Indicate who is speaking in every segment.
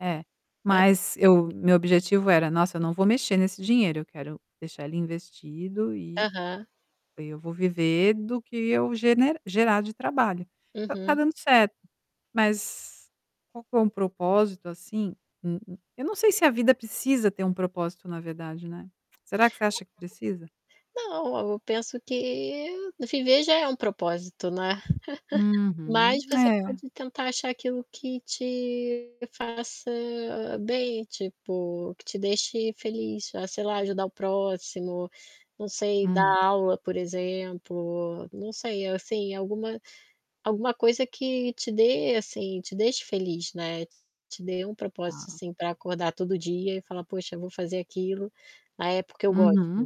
Speaker 1: É,
Speaker 2: Hã.
Speaker 1: mas eu meu objetivo era: "Nossa, eu não vou mexer nesse dinheiro, eu quero deixar ele investido e
Speaker 2: Aham.
Speaker 1: aí eu vou viver do que eu gene gerar de trabalho". Então tá
Speaker 2: Uhum.
Speaker 1: dando certo, mas qual que é um propósito, assim? Hum, eu não sei se a vida precisa ter um propósito na verdade, né. Será que você acha que precisa?
Speaker 2: Não, eu eu eu eu penso que no viver já é um propósito, né. Mas,
Speaker 1: Uhum.
Speaker 2: você
Speaker 1: É.
Speaker 2: pode tentar achar aquilo que te faça bem, tipo, que te deixe feliz, fa sei lá, ajudar o próximo, não sei, dar
Speaker 1: Hum.
Speaker 2: aula por exemplo, não sei, assim, alguma alguma coisa que te dê assim, te deixe feliz, né, te dê um propósito,
Speaker 1: Tá.
Speaker 2: assim, para acordar todo dia e falar: "Poxa vou fazer aquilo, ah, é porque eu gosto".
Speaker 1: Uhum.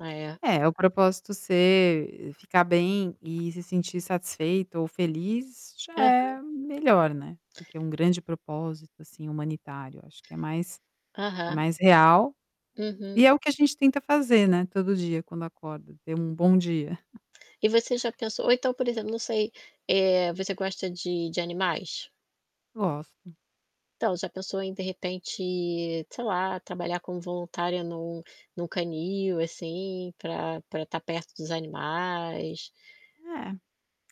Speaker 2: Ah, é
Speaker 1: É, o propósito ser ficar bem e se sentir satisfeita ou feliz já
Speaker 2: Aham.
Speaker 1: é melhor, né, do que um grande propósito, assim, humanitário, acho que é mais é
Speaker 2: Aham.
Speaker 1: mais real,
Speaker 2: Uhum.
Speaker 1: e é o que a gente tenta fazer né, todo dia quando acorda, ter um bom dia.
Speaker 2: E você já pensou ou então, por exemplo, não sei, eh, você gosta de de animais?
Speaker 1: Gosto.
Speaker 2: Então, você já pensou em de repente, sei lá, trabalhar como voluntária num num canil, assim, pra pra estar perto dos animais?
Speaker 1: É,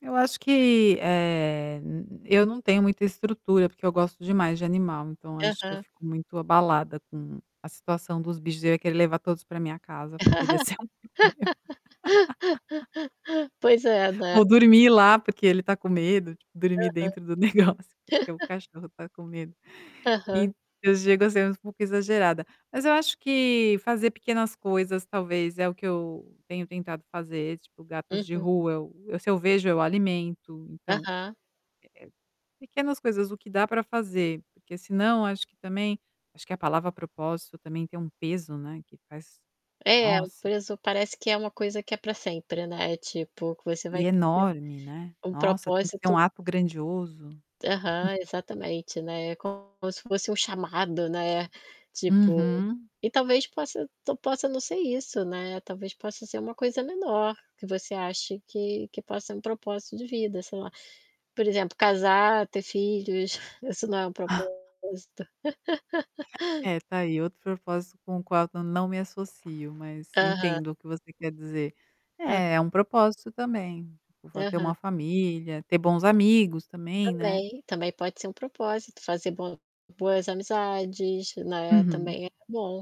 Speaker 1: eu acho que, eh, eu não tenho muita estrutura, porque eu gosto demais de animal então eu acho que eu
Speaker 2: Aham.
Speaker 1: fico muito abalada com a situação dos bichos, eu ia querer levar todos para minha casa, poderia ser um problema.
Speaker 2: Pois é, né.
Speaker 1: Ou dormir lá porque ele tá com medo, tipo, dormir
Speaker 2: Aham.
Speaker 1: dentro do negócio, porque o cachorro tá com medo.
Speaker 2: Aham.
Speaker 1: Então eu chego a ser um pouco exagerada, mas eu acho que fazer pequenas coisas, talvez, é o que eu tenho tentado fazer, tipo, gatos de
Speaker 2: Uhum.
Speaker 1: rua, eu se eu vejo eu alimento, então eh,
Speaker 2: Aham.
Speaker 1: eh, pequenas coisas, o que dá para fazer, porque senão, acho que também acho que a palavra "propósito" também tem um peso, né, que faz
Speaker 2: É, o
Speaker 1: nossa.
Speaker 2: peso parece que é uma coisa que é para sempre né, tipo, que você
Speaker 1: E
Speaker 2: vai [unintelligible] ter
Speaker 1: enorme, né.
Speaker 2: um
Speaker 1: Nossa, tem que ser um
Speaker 2: propósito
Speaker 1: ato grandioso.
Speaker 2: Aham, exatamente, né, é como se fosse um chamado né, tipo,
Speaker 1: Uhum.
Speaker 2: e talvez possa to possa não ser isso né, talvez possa ser uma coisa menor, que você ache que que possa ser um propósito de vida, sei lá. Por exemplo casar, ter filhos, isso não é um propósito.
Speaker 1: É, tá aí, outro propósito com o qual eu não me associo, mas
Speaker 2: Aham.
Speaker 1: entendo o que você quer dizer.
Speaker 2: Hã.
Speaker 1: É, é um propósito também, [unintelligible] ter
Speaker 2: Aham.
Speaker 1: uma família, ter bons amigos também, né.
Speaker 2: Também, também pode ser um propósito, fazer bom boas amizades, né,
Speaker 1: Uhum.
Speaker 2: também é bom.